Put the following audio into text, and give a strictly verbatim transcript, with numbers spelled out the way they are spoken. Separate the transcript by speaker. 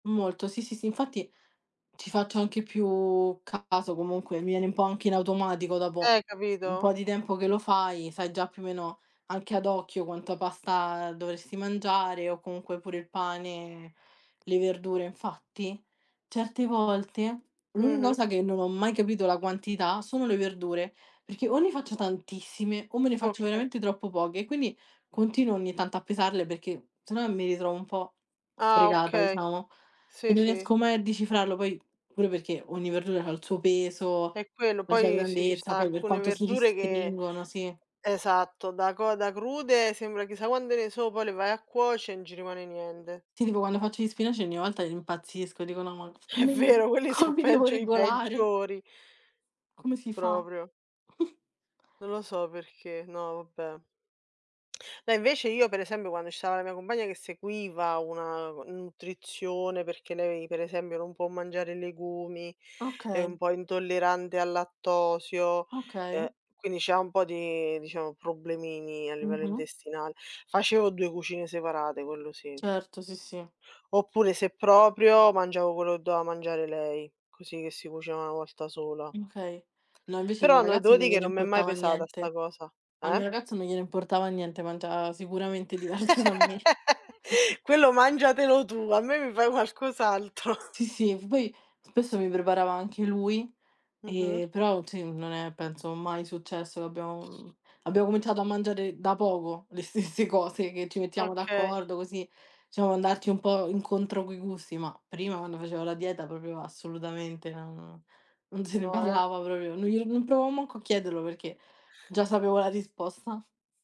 Speaker 1: Molto. Sì, sì, sì, infatti ci faccio anche più caso, comunque mi viene un po' anche in automatico, dopo
Speaker 2: Eh,
Speaker 1: un
Speaker 2: capito?
Speaker 1: po' di tempo che lo fai, sai già più o meno, anche ad occhio quanta pasta dovresti mangiare, o comunque pure il pane, le verdure. Infatti certe volte l'unica
Speaker 2: Mh-mh.
Speaker 1: cosa che non ho mai capito la quantità, sono le verdure, perché o ne faccio tantissime, o me ne faccio
Speaker 2: Okay.
Speaker 1: veramente troppo poche, e quindi, continuo ogni tanto a pesarle, perché se no mi ritrovo un po'
Speaker 2: Ah,
Speaker 1: fregata,
Speaker 2: okay,
Speaker 1: diciamo, e
Speaker 2: sì
Speaker 1: non
Speaker 2: sì.
Speaker 1: riesco mai a decifrarlo. Poi, pure perché, ogni verdura ha il suo peso,
Speaker 2: È quello.
Speaker 1: la sua
Speaker 2: Poi sì, ci
Speaker 1: grandezza,
Speaker 2: sta
Speaker 1: poi per
Speaker 2: alcune
Speaker 1: quanto si
Speaker 2: verdure che
Speaker 1: ristringono sì.
Speaker 2: esatto, da co da crude sembra chissà quande ne sono, poi le vai a cuoce, non ci rimane niende.
Speaker 1: Ti dico, quando faccio gli spinaci, ogni volta impazzisco, dico: "No, ma
Speaker 2: È
Speaker 1: come
Speaker 2: vero quelli
Speaker 1: come
Speaker 2: sono
Speaker 1: mi devo
Speaker 2: peggio i
Speaker 1: regolare?"
Speaker 2: peggiori.
Speaker 1: Come si fa?
Speaker 2: Proprio. Non lo so perché, no, vabbè. No, invece io per esembio quando ci stava la mia compagna, che seguiva una, ehm, nutrizione, perché lei per esembio non può mangiare legumi, è un
Speaker 1: Okay.
Speaker 2: po' intollerante al lattosio,
Speaker 1: Okay.
Speaker 2: uhm, quindi c'ha un po' di, diciamo, problemini a livello
Speaker 1: Mh-mh.
Speaker 2: intestinale, facevo due cucine separate, quello sì.
Speaker 1: Certo, sì, sì.
Speaker 2: Oppure, se proprio, mangiavo quello che doveva mangiare lei, così che si cuoceva una volta sola.
Speaker 1: mkay. No, invece il mio
Speaker 2: Però no,
Speaker 1: ragazzo
Speaker 2: devo
Speaker 1: non
Speaker 2: di che
Speaker 1: gliene
Speaker 2: non mi è mai
Speaker 1: importava
Speaker 2: pesata 'sta
Speaker 1: niente.
Speaker 2: cosa.
Speaker 1: Al mio
Speaker 2: Eh?
Speaker 1: ragazzo non gliene importava niente, mangia sicuramente diverso da me.
Speaker 2: Quello mangiatelo tu, a me mi fai qualcos' altro.
Speaker 1: Sì, sì. Poi spesso mi preparava anche lui,
Speaker 2: Mh-mh.
Speaker 1: ehm, però sì, non è penso mai successo, che abbiam abbiamo cominciato a mangiare da poco le stesse cose, che ci mettiamo
Speaker 2: Okay.
Speaker 1: d'accordo, così siamo andati un po' incontro coi gusti, ma prima, quando facevo la dieta, propio assolutamente non non se ne
Speaker 2: No eh.
Speaker 1: parlava propio, non glielo non provavo manco a chiederlo, perché già sapevo la risposta.